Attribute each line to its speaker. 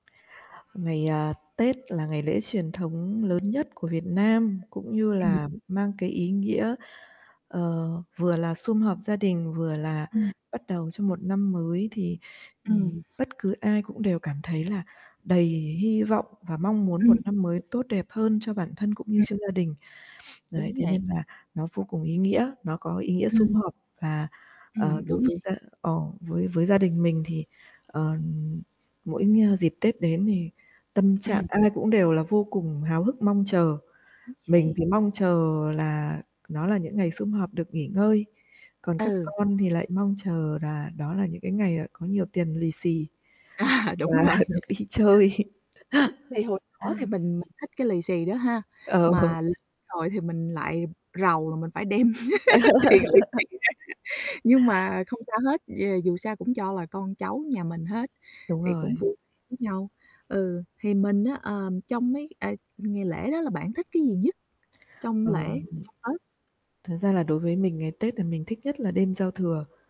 Speaker 1: Ngày, à, Tết là ngày lễ truyền thống lớn nhất của Việt Nam cũng như
Speaker 2: Ừm.
Speaker 1: là mang cái ý nghĩa, ờ, vừa là sum họp gia đình vừa là
Speaker 2: Ừm.
Speaker 1: bắt đầu cho một năm mới, thì,
Speaker 2: Ừm.
Speaker 1: ừm, bất cứ ai cũng đều cảm thấy là đầy hy vọng và mong muốn một
Speaker 2: Ừm.
Speaker 1: năm mới tốt đẹp hơn cho bản thân cũng như
Speaker 2: Ừm.
Speaker 1: cho gia đình. Đấy,
Speaker 2: Đúng
Speaker 1: thế
Speaker 2: vậy.
Speaker 1: nên là nó vô cùng ý nghĩa, nó có ý nghĩa sum
Speaker 2: Ừm.
Speaker 1: họp và, ờ,
Speaker 2: Ừm, đúng
Speaker 1: đối
Speaker 2: vậy.
Speaker 1: với gia ờ, với với gia đình mình thì, ờ, mỗi ng dịp Tết đến thì tâm trạng
Speaker 2: Ừm.
Speaker 1: ai cũng đều là vô cùng háo hức mong chờ.
Speaker 2: Đúng
Speaker 1: Mình
Speaker 2: vậy.
Speaker 1: thì mong chờ là nó là những ngày sum họp được nghỉ ngơi, còn các
Speaker 2: Ừ.
Speaker 1: con thì lại mong chờ là đó là những cái ngày, ờ, có nhiều tiền lì xì
Speaker 2: À,
Speaker 1: và
Speaker 2: đúng rồi.
Speaker 1: được đi chơi.
Speaker 2: Thì hồi nhỏ thì mình mình thích cái lì xì đó ha,
Speaker 1: Ờ.
Speaker 2: mà lớn rồi thì mình lại rầu là mình phải đem tiền lì xì ra, nhưng mà không sao hết, d dù sao cũng cho là con cháu nhà mình hết
Speaker 1: Đúng
Speaker 2: thì cũng
Speaker 1: rồi.
Speaker 2: vui vẻ với nhau. Ừ, thì mình á, ờ, trong mấy, à, ngày lễ đó là bạn thích cái gì nhất trong lễ,
Speaker 1: Ờm,
Speaker 2: trong Tết?
Speaker 1: thật ra là đối với mình ngày Tết là mình thích nhất là đêm giao thừa.